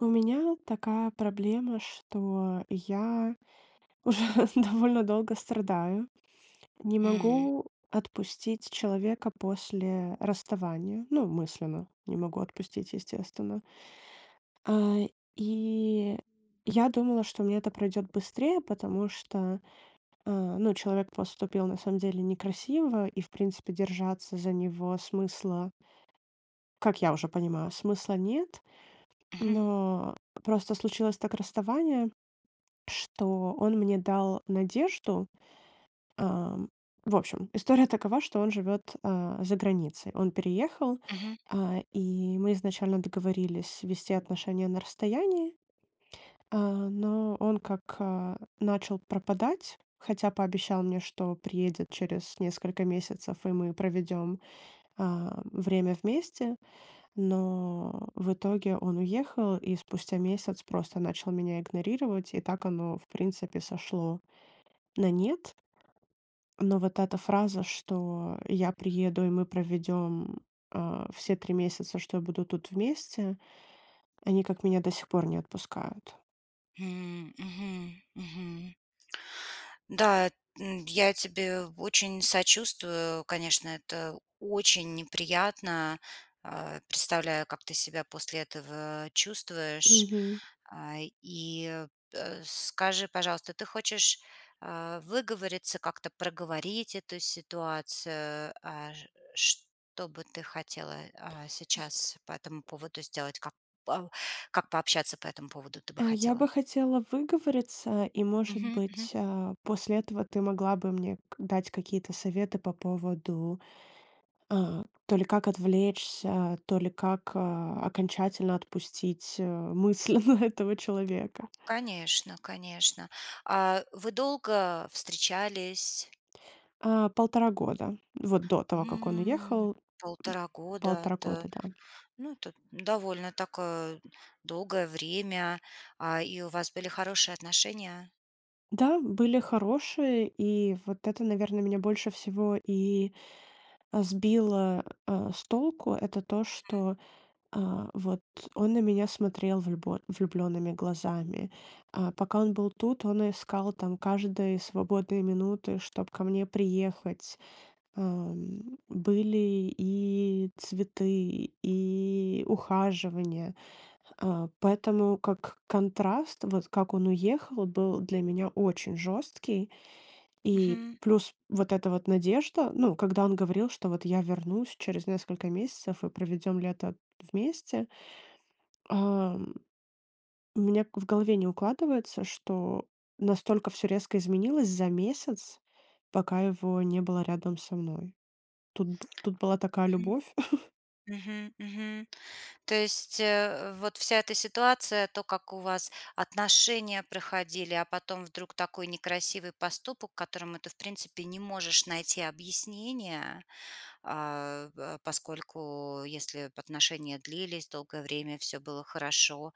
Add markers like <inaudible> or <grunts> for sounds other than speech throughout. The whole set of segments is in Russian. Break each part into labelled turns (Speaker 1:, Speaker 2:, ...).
Speaker 1: У меня такая проблема, что я уже довольно долго страдаю, не
Speaker 2: М.
Speaker 1: могу отпустить человека после расставания. Ну, мысленно не могу отпустить, естественно. А, и я думала, что у меня это пройдёт быстрее, потому что, а, ну, человек поступил на самом деле некрасиво, и, в принципе, держаться за него смысла как я уже понимаю, смысла нет.
Speaker 2: Мгм.
Speaker 1: Но просто случилось так расставание, <swallows> что он мне дал надежду. Ам, в общем, история такова, что он живёт, а, за границей. Он переехал,
Speaker 2: Мгм.
Speaker 1: а, и мы изначально договорились вести отношения на расстоянии. А, но он как, а, начал пропадать, хотя пообещал мне, что приедет через несколько месяцев, и мы проведём, а, время вместе. Но <grunts> в итоге он уехал и спустя месяц просто начал меня игнорировать, и так оно, в принципе, сошло на нет. Но вот эта фраза, что я приеду, и мы проведём, а, все 3 месяца, что я буду тут вместе, они как меня до сих пор не отпускают.
Speaker 2: М. Мгм, мгм. Да, эт м, д я тебе очень сочувствую. Конечно, это очень неприятно. А, представляю, как ты себя после этого чувствуешь.
Speaker 1: Мгм.
Speaker 2: А, и, э, скажи, пожалуйста, ты хочешь, а, выговориться, как-то проговорить эту ситуацию, а, ж что бы ты хотела, а,
Speaker 1: Й
Speaker 2: сейчас по этому поводу сделать, как пау как пообщаться по этому поводу ты бы
Speaker 1: Э, я
Speaker 2: хотела?
Speaker 1: бы хотела выговориться, и может
Speaker 2: Мгм, мгм.
Speaker 1: быть, а, после этого ты могла бы мне к дать какие-то советы по поводу, а, то ли как отвлечься, то ли как, а, окончательно отпустить, э, мысль на этого человека.
Speaker 2: Конечно, конечно. А, вы долго встречались?
Speaker 1: А, 1,5 года. Вот до того, как он
Speaker 2: М.
Speaker 1: уехал, м.
Speaker 2: 1,5 года.
Speaker 1: 1,5
Speaker 2: Это,
Speaker 1: года, да.
Speaker 2: ну, это довольно такое долгое время. А, и у вас были хорошие отношения?
Speaker 1: Да, были хорошие, и вот это, наверно, меня больше всего и, а, сбило, а, с толку это то,
Speaker 2: Мгм.
Speaker 1: что, а, вот он на меня смотрел влюбо влюблёнными глазами. А пока он был тут, он искал там каждые свободные минуты, чтоб ко мне приехать. Ам, были и цветы, и ухаживания, а, поэтому, как, контраст, вот, как он уехал, был для меня очень жёсткий, и
Speaker 2: Мгм.
Speaker 1: плюс вот эта вот надежда, ну, когда он говорил, что вот я вернусь через несколько месяцев и проведём лето вместе. Ам, у меня к в голове не укладывается, что настолько всё резко изменилось за месяц, пока его не было рядом со мной. Тут бы тут была такая
Speaker 2: Мгм.
Speaker 1: любовь. <laughs>
Speaker 2: Мгм, мгм. То есть, э, вот вся эта ситуация, то, как у вас отношения проходили, а потом вдруг такой некрасивый поступок, которому ты, в принципе, не можешь найти объяснения. А, а, поскольку, если б отношения длились долгое время, всё было хорошо,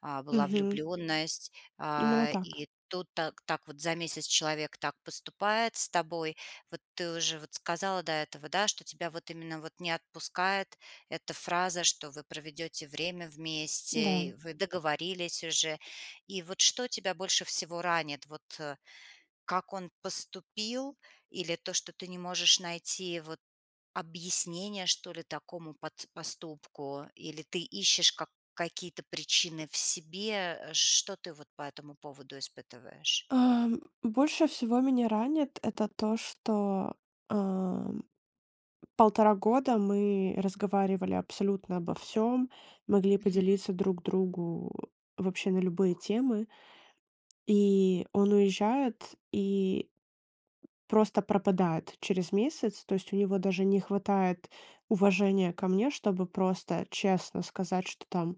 Speaker 2: а, была
Speaker 1: Мгм.
Speaker 2: влюбленность,
Speaker 1: Именно
Speaker 2: а,
Speaker 1: так.
Speaker 2: и тут так так вот за месяц человек так поступает с тобой. Вот ты уже, вот, сказала до этого, да, что тебя вот именно вот не отпускает эта фраза, что вы проведёте время
Speaker 1: Н-да.
Speaker 2: вместе, и вы договорились уже. И вот что тебя больше всего ранит? Вот, э, как он поступил? Или то, что ты не можешь найти, вот, объяснение, что ли, такому пат поступку? Или ты ищешь как какие-то причины в себе, а? Что ты вот по этому поводу испытываешь?
Speaker 1: А, м, больше всего меня ранит- это то, что, а, 1,5 года мы разговаривали абсолютно обо всём, могли
Speaker 2: Мгм.
Speaker 1: поделиться друг другу вообще на любые темы. И он уезжает, и просто пропадает через месяц, то есть у него даже не хватает уважения ко мне, чтобы просто честно сказать, что там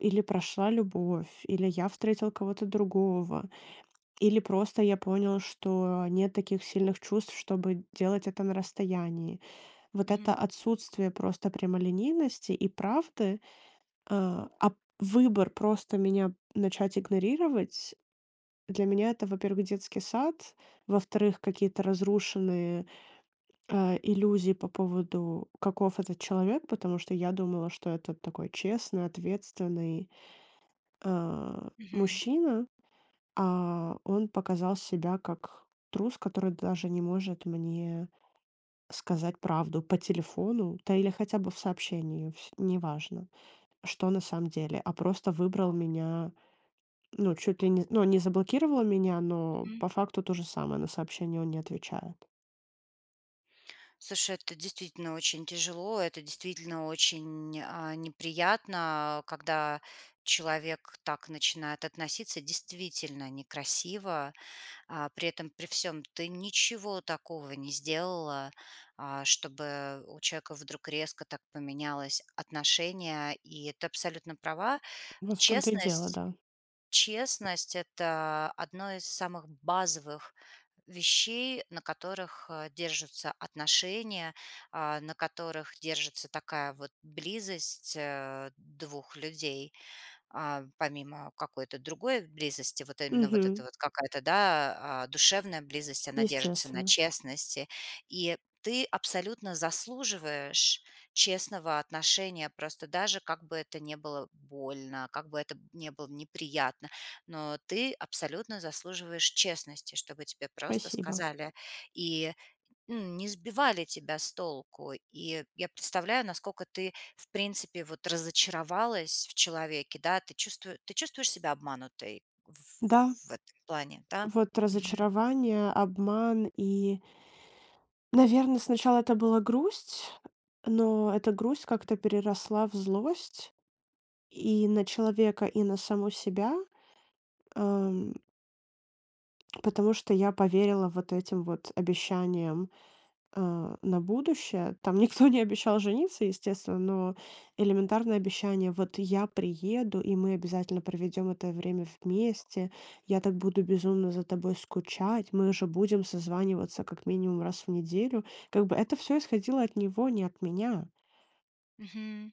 Speaker 1: или прошла любовь, или я встретил кого-то другого, или просто я понял, что нет таких сильных чувств, чтобы делать это на расстоянии. Вот это
Speaker 2: Мгм.
Speaker 1: отсутствие просто прямолинейности и правды, а, а п выбор просто меня начать игнорировать- для меня это, во-первых, детский сад, во-вторых, какие-то разрушенные, а, иллюзии по поводу каков этот человек. Потому что я думала, что это такой честный, ответственный, а,
Speaker 2: Мгм.
Speaker 1: мужчина, а он показал себя как трус, который даже не может мне сказать правду по телефону, да или хотя бы в сообщении, фь неважно, что на самом деле. А просто выбрал меня ну, чуть ли не з ну, он не заблокировал меня, но
Speaker 2: М.
Speaker 1: по факту то же самое, на сообщения он не отвечает.
Speaker 2: Слушай, это, действительно, очень тяжело, это, действительно, очень, а, неприятно, когда человек так начинает относиться действительно некрасиво, а, при этом при всём ты ничего такого не сделала, а, чтобы у человека вдруг резко так поменялось отношение. И ты абсолютно права.
Speaker 1: Вот в том-то и дело,
Speaker 2: Честность,
Speaker 1: да.
Speaker 2: честность- это одно из самых базовых вещей, на которых, а, держатся отношения, а, на которых держится такая вот близость, а, двух людей. А, помимо какой-то другой близости, вот именно вот эта
Speaker 1: Мгм.
Speaker 2: вот какая-то, да, а, душевная близость, она держится на
Speaker 1: Естественно.
Speaker 2: честности. И ты абсолютно заслуживаешь честного отношения, просто даже как бы это не было больно, как бы это не было неприятно, но ты абсолютно заслуживаешь честности, чтобы тебе просто
Speaker 1: Спасибо.
Speaker 2: сказали и, м, не сбивали тебя с толку. И я представляю, насколько ты, в принципе вот, разочаровалась в человеке, да, ты чувству ты чувствуешь себя обманутой в
Speaker 1: Да.
Speaker 2: ф в этом плане, да?
Speaker 1: Вот
Speaker 2: Мгм.
Speaker 1: разочарование, обман и наверно, сначала это была грусть, но эта грусть как-то переросла в злость, и на человека, и на саму себя. Ам. Потому что я поверила вот этим вот обещаниям, э, на будущее. Там никто не обещал жениться, естественно, но элементарное обещание: "Вот я приеду, и мы обязательно проведём это время вместе, я так буду безумно за тобой скучать, мы же будем созваниваться как минимум раз в неделю". Как бы это всё исходило от него, не от меня.
Speaker 2: Мгм.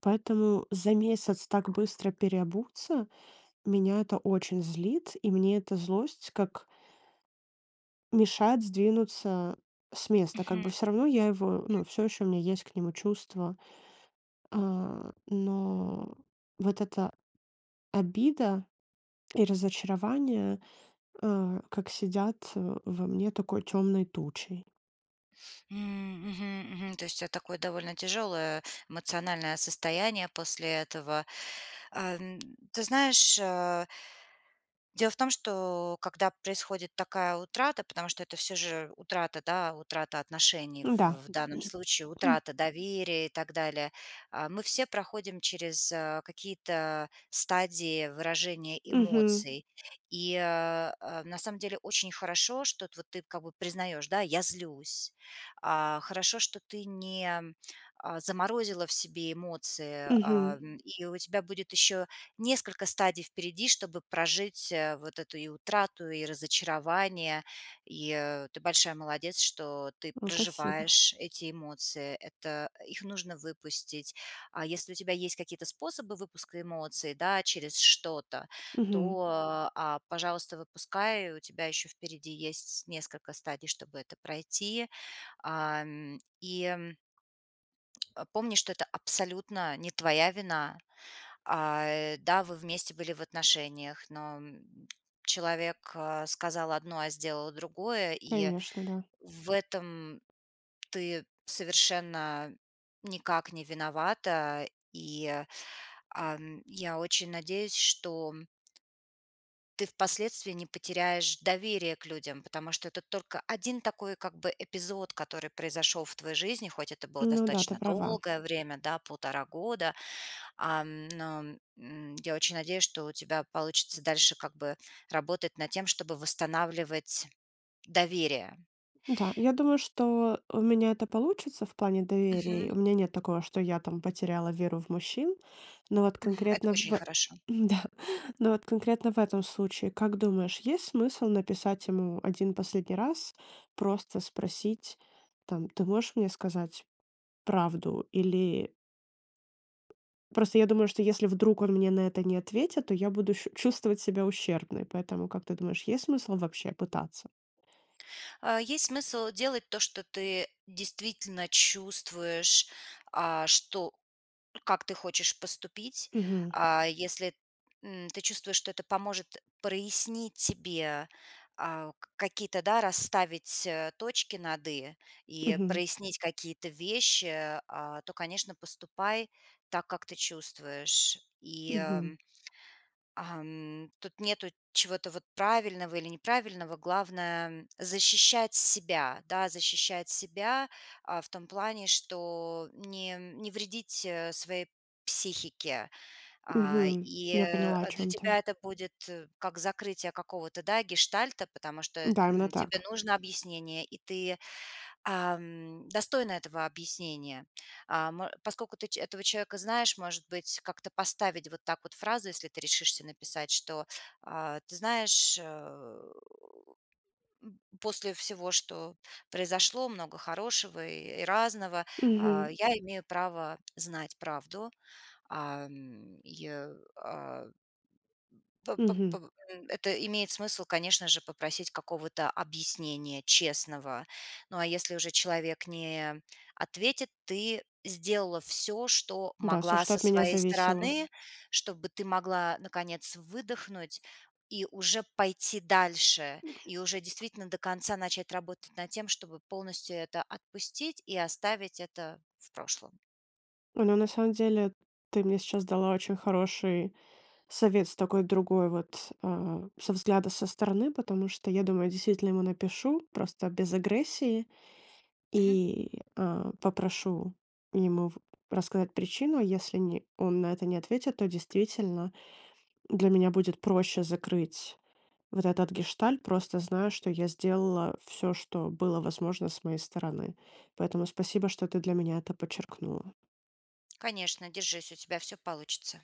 Speaker 1: Поэтому за месяц так быстро переобуться меня это очень злит, и мне эта злость как мешает сдвинуться с места. Как
Speaker 2: Мгм.
Speaker 1: бы всё равно я его ну, всё ещё у меня есть к нему чувства. А, но вот эта обида и разочарование, э, как сидят во мне такой тёмной тучей.
Speaker 2: М мгм мгм. То есть у тебя такое довольно тяжёлое эмоциональное состояние после этого. Э, ты знаешь, э дело в том, что когда происходит такая утрата, потому что это всё же утрата, да, утрата отношений,
Speaker 1: Да.
Speaker 2: в данном случае
Speaker 1: <clears throat>
Speaker 2: утрата доверия и так далее. А, мы все проходим через какие-то стадии выражения
Speaker 1: Мгм.
Speaker 2: эмоций. И, э, э, на самом деле очень хорошо, что вот ты как бы признаешь: "Да, я злюсь". А, хорошо, что ты не, а, заморозила в себе эмоции, а,
Speaker 1: Мгм.
Speaker 2: и у тебя будет ещё несколько стадий впереди, чтобы прожить вот эту и утрату, и разочарование. И ты большая молодец, что ты
Speaker 1: М, спасибо.
Speaker 2: проживаешь эти эмоции. Это их нужно выпустить. А если у тебя есть какие-то способы выпуска эмоций, да, через что-то,
Speaker 1: Мгм.
Speaker 2: то, а, пожалуйста, выпускай. И у тебя ещё впереди есть несколько стадий, чтобы это пройти. Ам, и м, а, помни, что это абсолютно не твоя вина. А, да, вы вместе были в отношениях, но человек сказал одно, а сделал другое. И
Speaker 1: Конечно, да.
Speaker 2: в этом ты совершенно никак не виновата. И, ам, я очень надеюсь, что ты впоследствии не потеряешь доверие к людям. Потому что это только один такой, как бы, эпизод, который произошёл в твоей жизни, хоть это было
Speaker 1: Ну да, ты
Speaker 2: достаточно
Speaker 1: права.
Speaker 2: долгое время, да, 1,5 года, ам, но, м, я очень надеюсь, что у тебя получится дальше, как бы, работать над тем, чтобы восстанавливать доверие.
Speaker 1: Да, я думаю, что у меня это получится в плане доверия. И
Speaker 2: Мгм.
Speaker 1: у меня нет такого, что я там потеряла веру в мужчин. Но вот
Speaker 2: Мгм, это
Speaker 1: конкретно,
Speaker 2: очень
Speaker 1: в
Speaker 2: хорошо.
Speaker 1: да, но вот конкретно в этом случае, как думаешь, есть смысл написать ему 1 последний раз, просто спросить, там: "Ты можешь мне сказать правду?" Или Просто я думаю, что если вдруг он мне на это не ответит, то я буду щу чувствовать себя ущербной, поэтому, как ты думаешь, есть смысл вообще пытаться?
Speaker 2: А есть смысл делать то, что ты действительно чувствуешь, а, что, м, как ты хочешь поступить,
Speaker 1: Мгм.
Speaker 2: а, если, м, ты чувствуешь, что это поможет прояснить тебе, а, к какие-то, да, расставить, а, точки над "и" и э,
Speaker 1: Мгм.
Speaker 2: прояснить какие-то вещи, а, то, конечно, поступай так, как ты чувствуешь. И,
Speaker 1: Мгм.
Speaker 2: ам ам, тут нету чего-то вот правильного или неправильного. Главное, м, защищать себя, да, защищать себя, а, в том плане, что не не вредить, э, своей психике. А,
Speaker 1: Мгм,
Speaker 2: и,
Speaker 1: я
Speaker 2: э,
Speaker 1: поняла, о
Speaker 2: для
Speaker 1: чём ты.
Speaker 2: тебя это будет как закрытие какого-то, да, гештальта, потому что,
Speaker 1: Да, именно
Speaker 2: м, тебе
Speaker 1: так.
Speaker 2: нужно объяснение, и ты, ам, достойна этого объяснения. Ам, а, поскольку ты ч этого человека знаешь, может быть, как-то поставить вот так вот фразу, если ты решишься написать, что: "А, ты знаешь, э, у м после всего, что произошло, много хорошего и, э, и разного, а,
Speaker 1: Мгм.
Speaker 2: я имею право знать правду". Ам, и, я а. П п
Speaker 1: Мгм.
Speaker 2: побо м, это имеет смысл, конечно же, попросить какого-то объяснения честного. Ну, а если уже человек не ответит, ты сделала всё, что
Speaker 1: Н-да, всё,
Speaker 2: могла
Speaker 1: что
Speaker 2: со
Speaker 1: от меня
Speaker 2: своей
Speaker 1: зависело.
Speaker 2: стороны, чтобы ты могла наконец выдохнуть и уже пойти дальше, и уже действительно до конца начать работать над тем, чтобы полностью это отпустить и оставить это в прошлом.
Speaker 1: О, но, на самом делех ты мне сейчас дала очень хороший совет с такой другой вот, а, со взгляда со стороны, потому что я думаю, действительно ему напишу, просто без агрессии,
Speaker 2: Мгм.
Speaker 1: и, а, попрошу ему в рассказать причину. А если ни он на это не ответит, то действительно для меня будет проще закрыть вот этот гештальт, просто зная, что я сделала всё, что было возможно с моей стороны. Поэтому спасибо, что ты для меня это подчеркнула.
Speaker 2: Конечно, держись, у тебя всё получится.